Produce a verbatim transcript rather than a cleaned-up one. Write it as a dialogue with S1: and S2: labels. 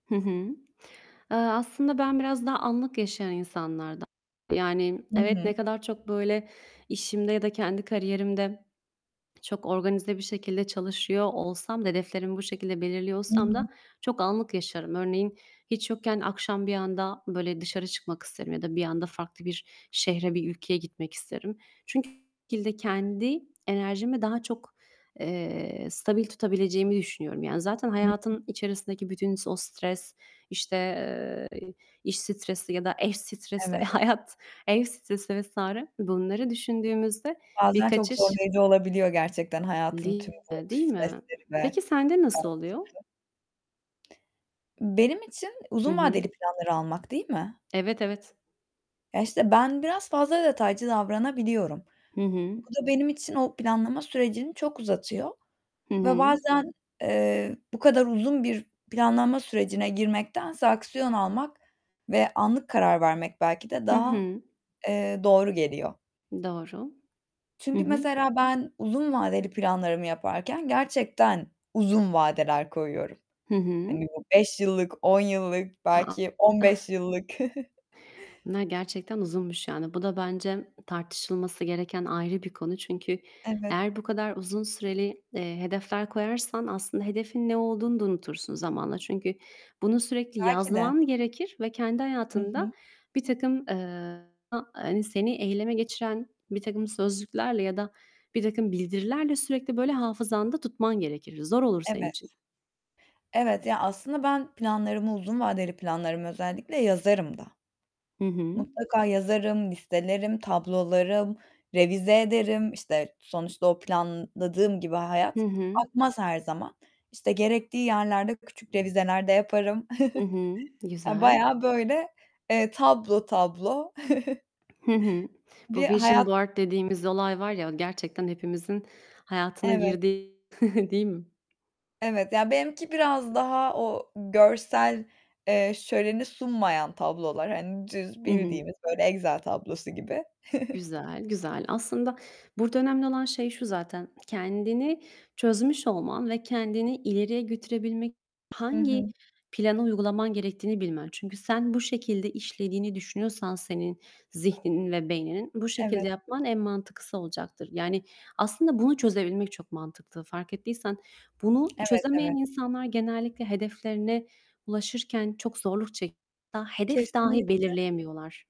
S1: Hı hı. Eee, aslında ben biraz daha anlık yaşayan insanlarda [unintelligible] Yani,
S2: Hı
S1: evet,
S2: hı.
S1: ne kadar çok böyle, işimde ya da kendi kariyerimde çok organize bir şekilde çalışıyor olsam da, hedeflerimi bu şekilde belirliyor
S2: Hı
S1: olsam
S2: hı.
S1: da, çok anlık yaşarım. Örneğin, hiç yokken, akşam bir anda böyle, dışarı çıkmak isterim ya da bir anda farklı bir şehre, bir ülkeye gitmek isterim. [unintelligible] Kendi enerjimi daha çok, eee, stabil tutabileceğimi düşünüyorum. Yani, zaten,
S2: Hı hı.
S1: hayatın içerisindeki bütün s o stres, işte, eee, iş stresi ya da eş stresi,
S2: Evet.
S1: hayat, ev stresi vs. bunları düşündüğümüzde; bir
S2: Bazen çok
S1: kaçış
S2: zorlayıcı olabiliyor gerçekten, hayatın
S1: Değil
S2: tüm bu
S1: mi, değil mi?
S2: stresleri ve
S1: Peki sende nasıl
S2: karmaşası.
S1: oluyor?
S2: Benim için
S1: Hı
S2: uzun
S1: hı.
S2: vadeli planları almak, değil mi?
S1: Evet, evet.
S2: Ya, işte, ben biraz fazla detaycı davranabiliyorum.
S1: Hı hı.
S2: Bu da benim için o planlama sürecini çok uzatıyor
S1: Hı
S2: ve
S1: hı.
S2: bazen, eee, bu kadar uzun bir planlama sürecine girmektense aksiyon almak, ve anlık karar vermek, belki de
S1: Hı
S2: daha,
S1: hı.
S2: eee, doğru geliyor.
S1: Doğru. Hı
S2: Çünkü,
S1: hı.
S2: mesela, ben uzun vadeli planlarımı yaparken, gerçekten uzun vadeler koyuyorum.
S1: Hı hı.
S2: Hani, bu beş yıllık, on yıllık,
S1: A, a!
S2: belki on
S1: Ih.
S2: beş yıllık.
S1: Bunlar gerçekten uzunmuş yani. Bu da bence tartışılması gereken ayrı bir konu. Çünkü
S2: Evet.
S1: eğer bu kadar uzun süreli, eee, hedefler koyarsan aslında hedefin ne olduğunu da unutursun zamanla. Çünkü bunu sürekli
S2: Belki de.
S1: yazman gerekir ve kendi
S2: Hı hı.
S1: hayatında birtakım, eee, [unintelligible] hani, seni eyleme geçiren, birtakım sözcüklerle ya da birtakım bildirilerle, sürekli böyle hafızanda tutman gerekir. Zor olur senin
S2: Evet.
S1: için.
S2: Evet. Ya, aslında ben planlarımı, uzun vadeli planlarımı özellikle, yazarım da.
S1: Hı hı.
S2: Mutlaka yazarım, listelerim, tablolarım, revize ederim. İşte, sonuçta o planladığım gibi hayat
S1: Hı hı.
S2: akmaz her zaman. İşte gerektiği yerlerde küçük revizeler de yaparım.
S1: Hı hı,
S2: Ya
S1: güzel.
S2: bayağı böyle, eee, tablo tablo
S1: Hı hı. Bu
S2: bir
S1: vision
S2: hayat
S1: board dediğimiz olay var ya, o gerçekten hepimizin hayatına
S2: Evet.
S1: girdi, değil mi?
S2: Evet, ya, benimki biraz daha o görsel, eee, şöleni sunmayan tablolar hani düz,
S1: Hı hı.
S2: bildiğimiz böyle Excel tablosu gibi.
S1: Güzel, güzel. Aslında burada önemli olan şey şu zaten. Kendini çözmüş olman ve kendini ileriye götürebilmek
S2: Hı
S1: hangi
S2: hı.
S1: planı uygulaman gerektiğini bilmen. Çünkü sen bu şekilde işlediğini düşünüyorsan senin zihninin ve beyninin, bu şekilde
S2: Evet.
S1: yapman en mantıklısı olacaktır. Yani, aslında bunu çözebilmek çok mantıklı, fark ettiysen. Bunu
S2: Evet,
S1: çözemeyen
S2: evet.
S1: insanlar genellikle hedeflerine ulaşırken çok zorluk [unintelligible] hedef dahi
S2: Kesinlikle.
S1: belirleyemiyorlar.